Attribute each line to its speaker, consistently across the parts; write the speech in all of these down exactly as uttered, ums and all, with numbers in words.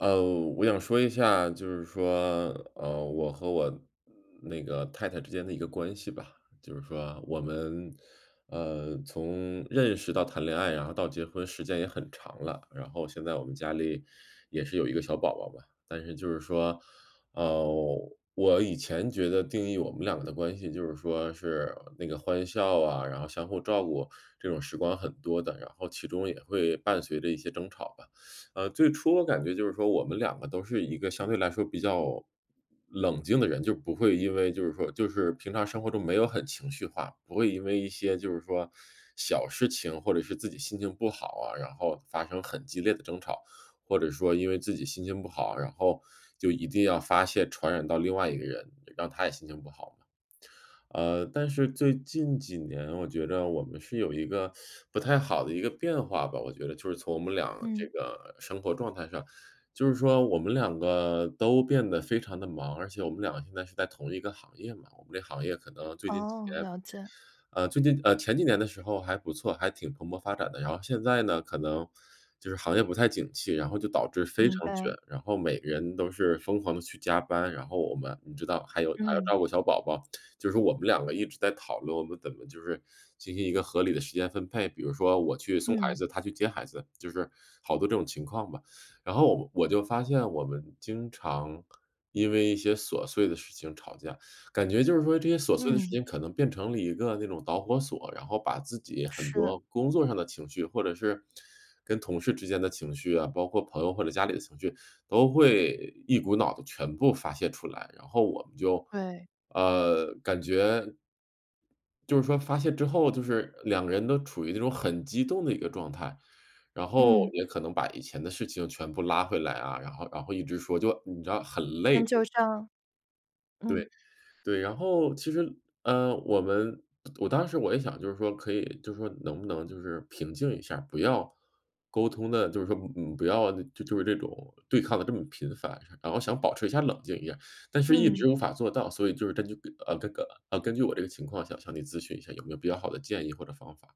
Speaker 1: 呃，我想说一下，就是说，呃，我和我那个太太之间的一个关系吧。就是说我们，呃，从认识到谈恋爱，然后到结婚时间也很长了，然后现在我们家里也是有一个小宝宝吧。但是就是说，呃，我以前觉得定义我们两个的关系，就是说是那个欢笑啊，然后相互照顾这种时光很多的，然后其中也会伴随着一些争吵吧。呃，最初我感觉就是说我们两个都是一个相对来说比较冷静的人，就不会因为就是说就是平常生活中没有很情绪化，不会因为一些就是说小事情或者是自己心情不好啊，然后发生很激烈的争吵。或者说因为自己心情不好，然后就一定要发泄传染到另外一个人，让他也心情不好嘛。呃，但是最近几年我觉得我们是有一个不太好的一个变化吧，我觉得就是从我们俩这
Speaker 2: 嗯。
Speaker 1: 个生活状态上。就是说我们两个都变得非常地忙，而且我们两个现在是在同一个行业嘛，我们这行业可能最近几
Speaker 2: 哦，
Speaker 1: 年，
Speaker 2: 了解。
Speaker 1: 呃，最近呃，前几年的时候还不错，还挺蓬勃发展的，然后现在呢可能就是行业不太景气，然后就导致非
Speaker 2: 明
Speaker 1: 常卷，
Speaker 2: 白。
Speaker 1: 然后每个人都是疯狂地去加班。然后我们你知道还有还要
Speaker 2: 嗯。
Speaker 1: 照顾小宝宝，就是我们两个一直在讨论，我们怎么就是进行一个合理的时间分配，比如说我去送孩
Speaker 2: 嗯。
Speaker 1: 子，她去接孩子，就是好多这种情况吧。然后我就发现我们经常因为一些琐碎的事情吵架。感觉就是说这些琐碎的事
Speaker 2: 嗯。
Speaker 1: 情可能变成了一个那种导火索，然后把自己很
Speaker 2: 是。
Speaker 1: 多工作上的情绪或者是跟同事之间的情绪啊，包括朋友或者家里的情绪，都会一股脑地全部发泄出来，然后我们就，
Speaker 2: 对。
Speaker 1: 呃，感觉就是说发泄之后就是两个人都处于一种很激动的一个状态，然后
Speaker 2: 嗯。
Speaker 1: 也可能把以前的事情全部拉回来啊，然后然后一直说就你知道很累就。
Speaker 2: 上，
Speaker 1: 对，
Speaker 2: 嗯。
Speaker 1: 对，然后其实，呃，我们我当时我也想就是说可以就是说能不能就是平静一下，不要沟通得，就是说，嗯，不要就是这种对抗得这么频繁，然后想保持一下冷静一下。但是一
Speaker 2: 嗯。
Speaker 1: 直无法做到，所以就是根据，呃，这个，呃，根据我这个情况想向你咨询一下有没有比较好的建议或者方法？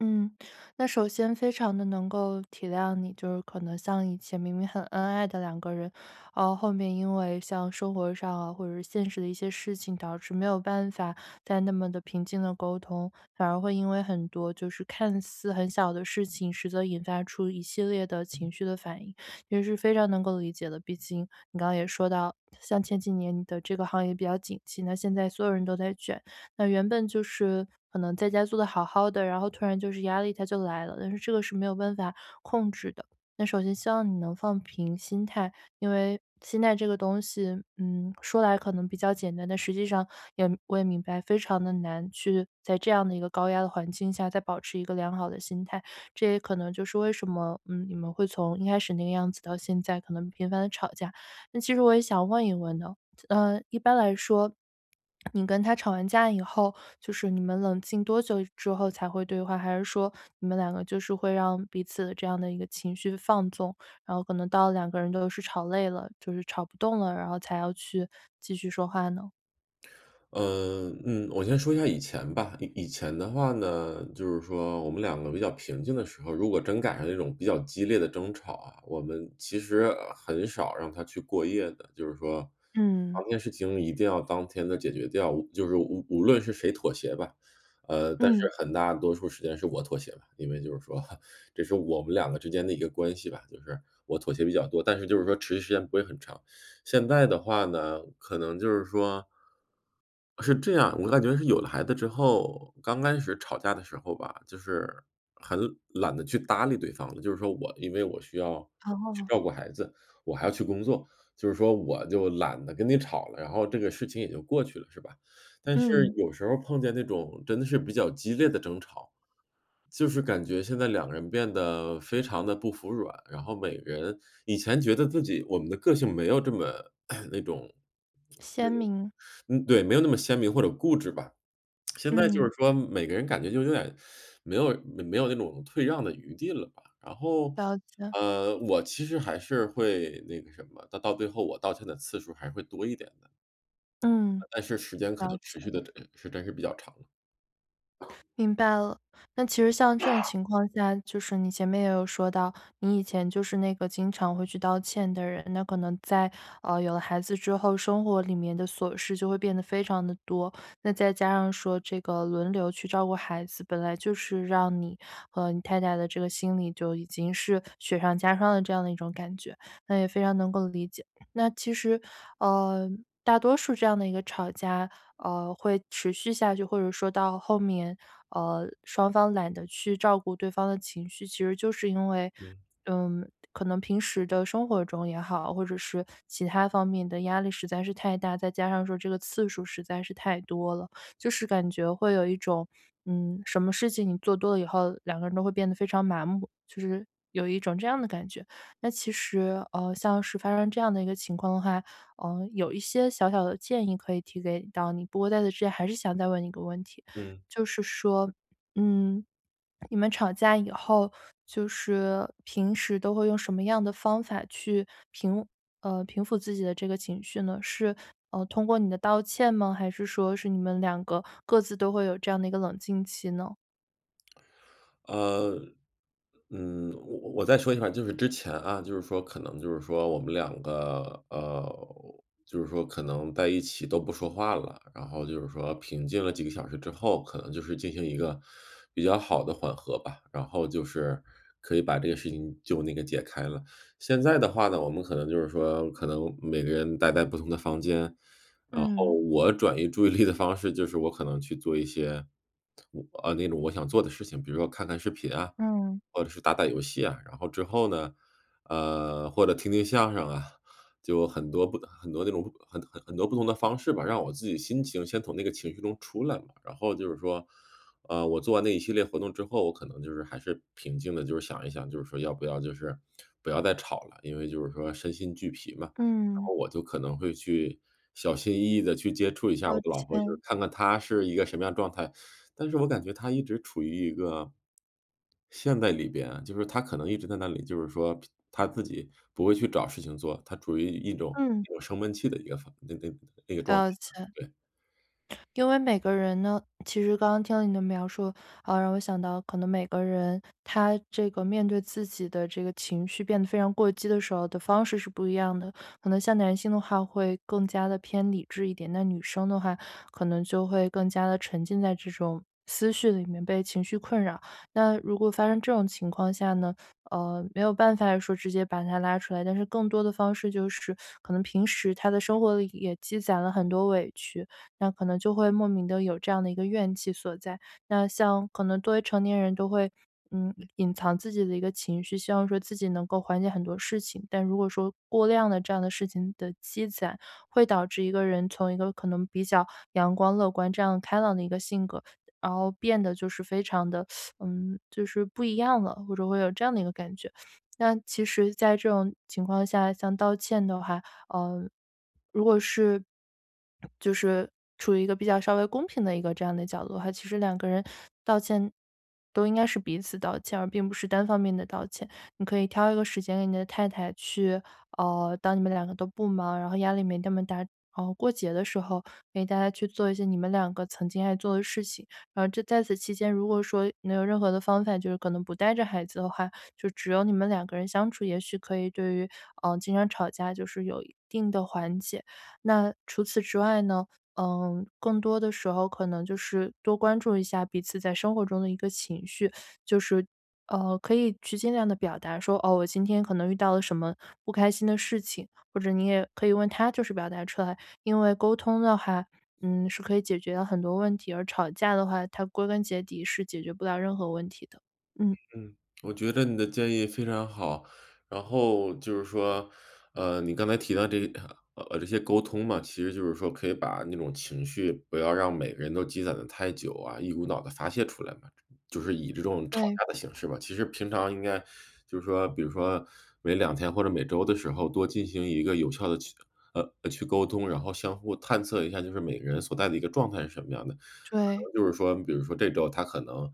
Speaker 2: 嗯，那首先非常地能够体谅你，就是可能像以前明明很恩爱的两个人，然后后面因为像生活上啊或者是现实的一些事情，导致没有办法再那么地平静地沟通。反而会因为很多就是看似很小的事情，实则引发出一系列的情绪的反应，也是非常能够理解的。毕竟你刚刚也说到，像前几年你的这个行业比较景气。那现在所有人都在卷，那原本就是可能在家做得好好的，然后突然就是压力它就来了，但是这个是没有办法控制的。那首先希望你能放平心态，因为心态这个东西，嗯，说来可能比较简单，但实际上也我也明白，非常地难去在这样的一个高压的环境下再保持一个良好的心态。这也可能就是为什么，嗯，你们会从一开始那个样子到现在可能频繁地吵架。那其实我也想问一问呢，呃，一般来说你跟她吵完架以后，就是你们冷静多久之后才会对话？还是说你们两个就是会让彼此的这样的一个情绪放纵，然后可能到了两个人都是吵累了，就是吵不动了，然后才要去继续说话呢？
Speaker 1: 呃，嗯，我先说一下以前吧，以以前的话呢，就是说我们两个比较平静的时候，如果真赶上这种比较激烈的争吵啊，我们其实很少让它去过夜的。就是说，
Speaker 2: 嗯。
Speaker 1: 当天事情一定要当天的解决掉，就是无无论是谁妥协吧，呃，但
Speaker 2: 嗯。
Speaker 1: 是很大多数时间是我妥协吧。因为就是说，这是我们两个之间的一个关系吧，就是我妥协比较多，但是就是说，持续时间不会很长。现在的话呢，可能就是说是这样，我感觉是有了孩子之后，刚开始吵架的时候吧，就是很懒得去搭理对方。就是说我因为我需要去
Speaker 2: 哦。
Speaker 1: 照顾孩子，我还要去工作，就是说我就懒得跟你吵了，然后这个事情也就过去了，是吧。但是
Speaker 2: 嗯。
Speaker 1: 有时候碰见那种，真的是比较激烈的争吵，就是感觉现在两个人变得非常地不服软，然后每个人以前觉得自己我们的个性没有这么，那种
Speaker 2: 鲜明。
Speaker 1: 对，没有那么鲜明或者固执吧。现在就是
Speaker 2: 嗯。
Speaker 1: 说每个人感觉就有点没有没有那种退让的余地了吧。然后，
Speaker 2: 了解。
Speaker 1: 呃，我其实还是会那个什么它到最后我道歉的次数还会多一点的。
Speaker 2: 嗯，
Speaker 1: 但是时间可
Speaker 2: 了
Speaker 1: 能持续
Speaker 2: 解。
Speaker 1: 的整个时间是比较长的。
Speaker 2: 明白了，那其实像这种情况下就是你前面也有说到，你以前就是那个经常会去道歉的人。那可能在，呃，有了孩子之后，生活里面的琐事就会变得非常地多。再加上说这个，轮流去照顾孩子，本来就是让你和你太太的这个心理，就已经是雪上加霜的这样的一种感觉，那也非常能够理解。那其实，呃，大多数这样的一个吵架，呃，会持续下去，或者说到后面，呃，双方懒得去照顾对方的情绪，其实就是因为，
Speaker 1: 嗯。
Speaker 2: 嗯，可能平时的生活中也好，或者是其它方面的压力实在是太大。再加上说这个次数实在是太多了，就是感觉会有一种，嗯，什么事情，你做多了以后，两个人都会变得非常麻木，就是有一种这样的感觉。那其实，呃，像是发生这样的一个情况的话，嗯，有一些小小的建议可以提给到你，不过在这之前还是想再问你一个问题，
Speaker 1: 嗯。
Speaker 2: 就是说，嗯，你们吵架以后就是平时都会用什么样的方法去平，呃平抚自己的这个情绪呢？是通过你的道歉吗？还是说是你们两个，各自都会有这样的一个冷静期呢？
Speaker 1: 呃，嗯。我我再说一下吧，就是之前啊，就是说可能就是说我们两个呃，就是说可能在一起都不说话了。然后就是说平静了几个小时之后，可能就是进行一个比较好的缓和吧，然后就是可以把这个事情就那个解开了。现在的话呢，我们可能就是说可能每个人待在不同的房间，然后
Speaker 2: 嗯。
Speaker 1: 我转移注意力的方式，就是我可能去做一些我啊，那种我想做的事情，比如说看看视频啊，
Speaker 2: 嗯。
Speaker 1: 或者是打打游戏啊，然后之后呢，呃，或者听听相声啊，就很多不很多那种很很很多不同的方式吧，让我自己心情先从那个情绪中出来嘛。然后就是说，呃，我做完那一系列活动之后，我可能就是还是平静的，就是想一想，就是说要不要就是，不要再吵了，因为就是说身心俱疲嘛。然
Speaker 2: 嗯。
Speaker 1: 后我就可能会去小心翼翼地去接触一下
Speaker 2: 了
Speaker 1: 我的老婆，就是
Speaker 2: 解。
Speaker 1: 看看她是一个什么样的状态。但是我感觉她一直处于一个陷在里边啊，就是她可能一直在那里，就是说平她自己不会去找事情做，她处于一种
Speaker 2: 嗯。
Speaker 1: 一种升温器的一个防那个那个状态，
Speaker 2: 了解。
Speaker 1: 对。
Speaker 2: 因为每个人呢其实刚刚听到您的描述，呃，让我想到可能每个人，他这个面对自己的这个情绪变得非常过激的时候的方式是不一样的。可能像男性的话会更加地偏理智一点，那女生的话可能就会更加地沉浸在这种，思绪里面被情绪困扰。那如果发生这种情况下呢，呃，没有办法说直接把她拉出来，但是更多的方式就是，可能平时她的生活里也积攒了很多委屈，那可能就会莫名的有这样的一个怨气所在。那像可能作为成年人都会，嗯，隐藏自己的一个情绪，希望说自己能够缓解很多事情。但如果说过量的这样的事情的积攒会导致一个人从一个可能比较阳光乐观这样开朗的一个性格，然后变得就是非常地 嗯，就是不一样了，或者会有这样的一个感觉。那其实在这种情况下像道歉的话，呃，如果是，就是处于一个比较稍微公平的一个这样的角度的话，其实两个人道歉，都应该是彼此道歉，而并不是单方面的道歉。你可以挑一个时间给你的太太去呃，当你们两个都不忙，然后压力没那么大，然后过节的时候，给大家去做一些你们两个曾经爱做的事情。然后这在此期间，如果说能有任何的方法，就是可能不带着孩子的话，就只有你们两个人相处，也许可以对于，呃，经常吵架就是有一定的缓解。那除此之外呢，呃，更多的时候可能就是多关注一下彼此在生活中的一个情绪，就是，呃，可以去尽量地表达说：“哦，我今天可能遇到了什么，不开心的事情。”或者你也可以问她就是表达出来，因为沟通的话，嗯，是可以解决很多问题，而吵架的话，它归根结底是解决不了任何问题的。嗯。
Speaker 1: 嗯。我觉得你的建议非常好。然后就是说，呃，你刚才提到这个嗯，呃，这些沟通嘛，其实就是说可以把那种情绪不要让每个人都积攒得太久啊，一股脑地发泄出来嘛，就是以这种吵
Speaker 2: 对。
Speaker 1: 架的形式吧。其实平常应该就是说比如说每两天或者每周的时候多进行一个有效地去呃，去沟通，然后相互探测一下就是每个人所在的一个状态是什么样的。可
Speaker 2: 对。
Speaker 1: 能就是说比如说这周她可能，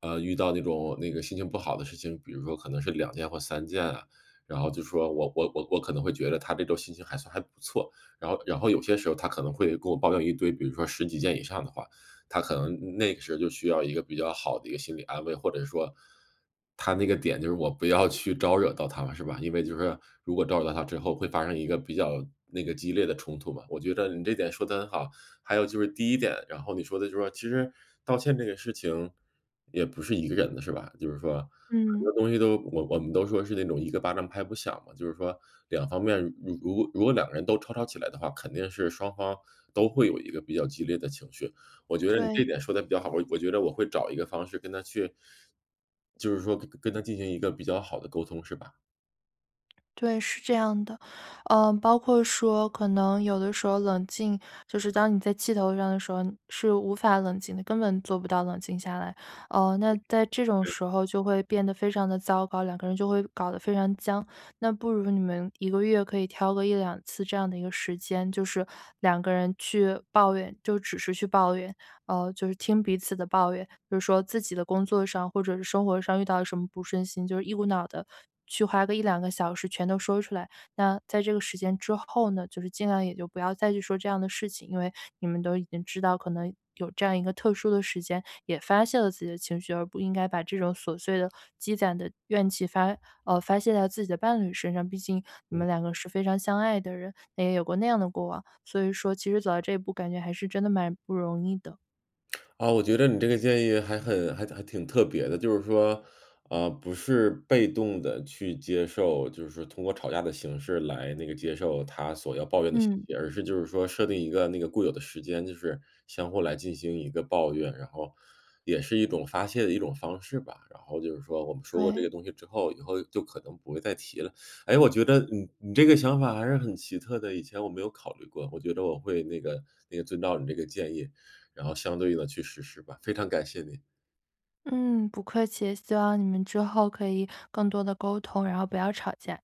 Speaker 1: 呃，遇到那种那个心情不好的事情，比如说可能是两件或三件啊，然后就说我我我我可能会觉着她这周心情还算还不错。然后然后有些时候她可能会跟我抱怨一堆，比如说十几件以上的话，她可能那个时候就需要一个比较好的一个心理安慰，或者说，她那个点就是我不要去招惹到她了是吧。因为就是如果招惹到她之后，会发生一个比较，那个激烈的冲突嘛。我觉着你这点说的很好。还有就是第一点，然后你说的就是说其实道歉这个事情，也不是一个人的是吧，就是说很
Speaker 2: 嗯。
Speaker 1: 多东西都我我们都说是那种一个巴掌拍不响嘛，就是说两方面如如果两个人都吵吵起来的话，肯定是双方都会有一个比较激烈的情绪。我觉得你这
Speaker 2: 对。
Speaker 1: 点说得比较好，我我觉着我会找一个方式跟她去就是说跟跟她进行一个比较好的沟通是吧？
Speaker 2: 对，是这样的。呃，包括说可能有的时候冷静，就是当你在气头上的时候是无法冷静的，根本做不到冷静下来。呃，那在这种
Speaker 1: 对。
Speaker 2: 时候就会变得非常地糟糕，两个人就会搞得非常僵。那不如你们一个月可以挑个一两次这样的一个时间，就是两个人去抱怨，就只是去抱怨，呃，就是听彼此的抱怨。比如说自己的工作上或者是生活上遇到了什么不顺心，就是一股脑地去花个一两个小时全都说出来。那在这个时间之后呢，就是尽量也就不要再去说这样的事情，因为你们都已经知道，可能有这样一个特殊的时间也发泄了自己的情绪，而不应该把这种琐碎的积攒的怨气发呃，发泄在自己的伴侣身上，毕竟你们
Speaker 1: 嗯。
Speaker 2: 两个是非常相爱的人，那也有过那样的过往。所以说其实走到这一步，感觉还是真的蛮不容易的。
Speaker 1: 啊，我觉着你这个建议还很还还挺特别的，就是说，啊，不是被动地去接受，就是说通过吵架的形式来那个接受她所要抱怨的信
Speaker 2: 嗯。
Speaker 1: 息，而是就是说设定一个那个固有的时间，就是相互来进行一个抱怨，然后也是一种发泄的一种方式吧。然后就是说我们说过这
Speaker 2: 对。
Speaker 1: 个东西之后，以后就可能不会再提了。诶，我觉着你你这个想法还是很奇特的，以前我没有考虑过。我觉着我会那个那个遵照你这个建议，然后相对应地去实施吧，非常感谢你。
Speaker 2: 嗯，不客气，希望你们之后可以更多地沟通，然后不要吵架。